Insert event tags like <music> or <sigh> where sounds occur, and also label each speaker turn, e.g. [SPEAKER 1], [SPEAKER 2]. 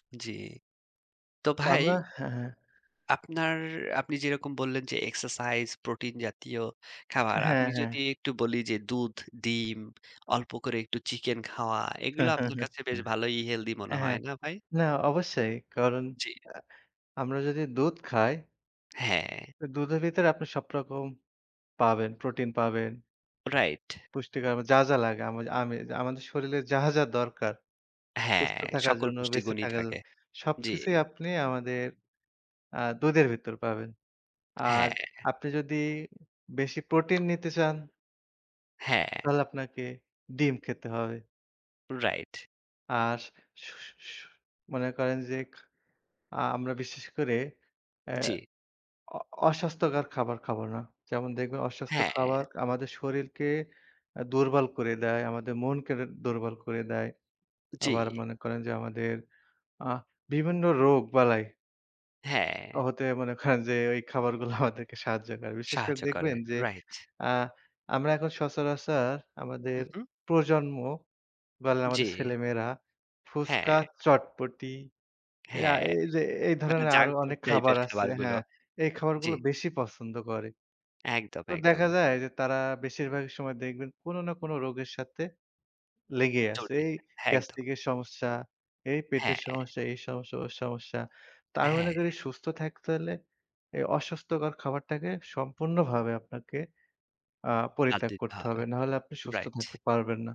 [SPEAKER 1] উম জি, তো
[SPEAKER 2] তো
[SPEAKER 1] ভাই
[SPEAKER 2] আমরা হ্যা, হ্যা।
[SPEAKER 1] আপনার আপনি যেরকম বললেন যে এক্সারসাইজ, প্রোটিন জাতীয় খাবার,
[SPEAKER 2] হ্যা,
[SPEAKER 1] আপনি
[SPEAKER 2] হ্যা।
[SPEAKER 1] যদি একটু বলি যে দুধ, ডিম, অল্প করে একটু চিকেন খাওয়া এগুলো আপনি
[SPEAKER 2] <chuckles>
[SPEAKER 1] কাছে বেশ ভালোই হেলদি মনে
[SPEAKER 2] হ্যা,
[SPEAKER 1] হয় না ভাই?
[SPEAKER 2] না অবশ্যই, কারন
[SPEAKER 1] জি।
[SPEAKER 2] আ আমরা যদি দুধ খাই
[SPEAKER 1] হ্যা।
[SPEAKER 2] আ দুধের ভিতরে আপনি সবরকম পাবেন প্রোটিন পাবেন
[SPEAKER 1] রাইট।
[SPEAKER 2] পুষ্টিকর মা যা, যা লাগে। আমি আমি এইযে আমাদের শরীরে যাহা, যা দরকার।
[SPEAKER 1] হ্যা,
[SPEAKER 2] সুস্থ থাকার
[SPEAKER 1] সকল
[SPEAKER 2] জন্য,
[SPEAKER 1] পুষ্টি
[SPEAKER 2] বেঁচে
[SPEAKER 1] গুণই
[SPEAKER 2] থাকার জ
[SPEAKER 1] থাকে। জি।
[SPEAKER 2] সবকিছুই আপনি আমাদের আ দুধের ভিতর পাবেন। আর
[SPEAKER 1] হ্যা।
[SPEAKER 2] আপনি যদি উম বেশি প্রোটিন নিতে চান
[SPEAKER 1] হ্যা।
[SPEAKER 2] তাহলে আপনাকে ডিম খেতে হবে।
[SPEAKER 1] রাইট।
[SPEAKER 2] আর সু সু সু সু মনে করেন যে খ আ আমরা বিশেষ করে এ্যা
[SPEAKER 1] জি।
[SPEAKER 2] অ অস্বাস্থ্যকর খাবার খাবো না। যেমন দেখবেন অস্বাস্থ্য খাবার
[SPEAKER 1] হ্যা।
[SPEAKER 2] আমাদের শরীরকে আ দুর্বল করে দেয়, আমাদের মনকে রে দুর্বল করে দেয়। আবার
[SPEAKER 1] জি।
[SPEAKER 2] মনে করেন যে, আমাদের আ বিভিন্ন রোগ বালাই অ
[SPEAKER 1] হ্যা।
[SPEAKER 2] হতে <scoffs> মনে করেন যে ওই খাবারগুলা আমাদেরকে সাহায্য করে। বিশেষ করে
[SPEAKER 1] সাহায্য করে।
[SPEAKER 2] দেখবেন যে
[SPEAKER 1] রাইট।
[SPEAKER 2] আ আমরা এখন সচরাচর আমাদের
[SPEAKER 1] হু, হু।
[SPEAKER 2] প্রজন্ম বলেন
[SPEAKER 1] জি।
[SPEAKER 2] আমাদের ছেলেমেয়েরা ফুচকা,
[SPEAKER 1] হ্যা।
[SPEAKER 2] চটপটি। এই
[SPEAKER 1] হ্যা।
[SPEAKER 2] আ এইযে এই
[SPEAKER 1] আপনার
[SPEAKER 2] ধরনের আরো
[SPEAKER 1] জাঙ্ক ফুড
[SPEAKER 2] অনেক
[SPEAKER 1] টাইপ
[SPEAKER 2] খাবার
[SPEAKER 1] এর
[SPEAKER 2] আছে হ্যা,
[SPEAKER 1] খাবারগুলো।
[SPEAKER 2] এই
[SPEAKER 1] জি।
[SPEAKER 2] খাবারগুলো বেশি পছন্দ করে।
[SPEAKER 1] একদম,
[SPEAKER 2] তো দেখা
[SPEAKER 1] একদম।
[SPEAKER 2] যায় যে তারা বেশিরভাগ সময় দেখবেন কোন না কোন রোগের সাথে লেগে আছে।
[SPEAKER 1] জড়িয়ে
[SPEAKER 2] এই
[SPEAKER 1] দে একদম।
[SPEAKER 2] গ্যাস্ট্রিক এর সমস্যা, এই
[SPEAKER 1] হ্যা।
[SPEAKER 2] পেটের সমস্যা, এই সমস্যা, ওই সমস্যা। তো আমি মনে
[SPEAKER 1] হ্যা।
[SPEAKER 2] করি সুস্থ থাকতে হলে এই অস্বাস্থ্যকর খাবারটাকে সম্পূর্ণভাবে আপনাকে আ
[SPEAKER 1] বাদ
[SPEAKER 2] পরিত্যাগ
[SPEAKER 1] দিতে
[SPEAKER 2] করতে
[SPEAKER 1] হবে।
[SPEAKER 2] হবে। নাহলে আপনি সুস্থ
[SPEAKER 1] রাইট।
[SPEAKER 2] থাকতে পারবেন না।